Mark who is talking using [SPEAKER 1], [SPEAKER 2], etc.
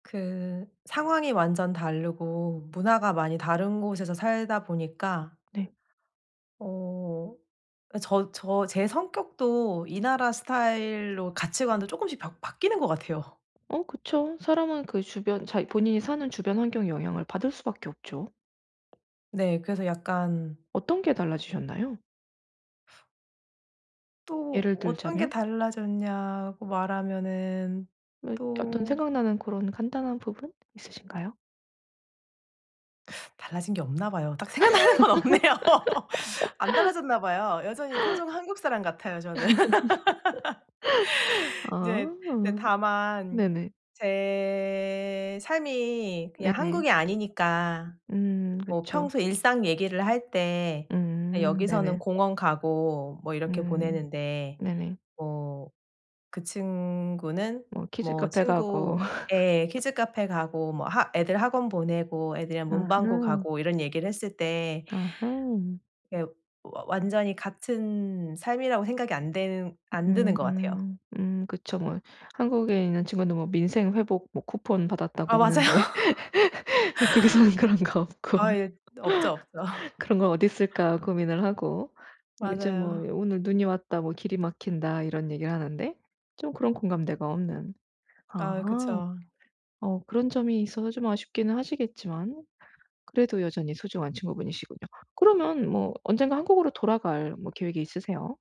[SPEAKER 1] 그 상황이 완전 다르고 문화가 많이 다른 곳에서 살다 보니까
[SPEAKER 2] 네.
[SPEAKER 1] 어 아 저 저 제 성격도 이 나라 스타일로 가치관도 쪼끔씩 바 바뀌는 것 같아요.
[SPEAKER 2] 어 그쵸. 사람은 그 주변 자기 본인이 사는 주변 환경의 영향을 받을 수밖에 없죠.
[SPEAKER 1] 네 그래서 약간
[SPEAKER 2] 어떤 게 달라지셨나요?
[SPEAKER 1] 또
[SPEAKER 2] 예를
[SPEAKER 1] 어떤 게
[SPEAKER 2] 들자면?
[SPEAKER 1] 달라졌냐고 말하면은
[SPEAKER 2] 이 어떤
[SPEAKER 1] 또
[SPEAKER 2] 생각나는 고런 간단한 부분 있으신가요?
[SPEAKER 1] 달라진 게 없나 봐요. 딱 생각나는 건 없네요. 안 달라졌나 봐요. 여전히 토종 한국 사람 같아요 저는.
[SPEAKER 2] 아.
[SPEAKER 1] 인제 이제 다만
[SPEAKER 2] 네네.
[SPEAKER 1] 제 삶이 그냥
[SPEAKER 2] 네네.
[SPEAKER 1] 한국이 아니니까
[SPEAKER 2] 음
[SPEAKER 1] 뭐
[SPEAKER 2] 그쵸.
[SPEAKER 1] 평소에 일상 얘기를 할 때
[SPEAKER 2] 음
[SPEAKER 1] 여기서는
[SPEAKER 2] 네네.
[SPEAKER 1] 공원 가고 뭐 이렇게
[SPEAKER 2] 음
[SPEAKER 1] 보내는데
[SPEAKER 2] 네네.
[SPEAKER 1] 뭐 그 친구는
[SPEAKER 2] 뭐
[SPEAKER 1] 뭐
[SPEAKER 2] 키즈카페 가고
[SPEAKER 1] 친구 예 키즈카페 가고 뭐 하 애들 학원 보내고 애들이랑 문방구
[SPEAKER 2] 아하.
[SPEAKER 1] 가고 이런 얘기를 했을 때
[SPEAKER 2] 아하.
[SPEAKER 1] 예 와 완전히 같은 삶이라고 생각이 안 드는 안 드는 것 같아요.
[SPEAKER 2] 음음. 음 그쵸 뭐. 한국에 있는 친구는 뭐 민생 회복 뭐 쿠폰
[SPEAKER 1] 아
[SPEAKER 2] 받았다고
[SPEAKER 1] 맞아요.
[SPEAKER 2] 하는데 외국에서는 그런 거
[SPEAKER 1] 아
[SPEAKER 2] 없고.
[SPEAKER 1] 예. 없죠, 없죠.
[SPEAKER 2] '그런 건 어딨을까?' 고민을 하고 요즘 뭐
[SPEAKER 1] 맞아요.
[SPEAKER 2] '오늘 눈이 왔다." 뭐 "길이 막힌다." 이런 얘기를 하는데 좀 그런 공감대가 없는
[SPEAKER 1] 아
[SPEAKER 2] 아.
[SPEAKER 1] 그쵸.
[SPEAKER 2] 어 그런 점이 있어서 좀 아쉽기는 하시겠지만 그래도 여전히 소중한 친구분이시군요. 그러면 뭐 언젠가 한국으로 돌아갈 뭐 계획이 있으세요?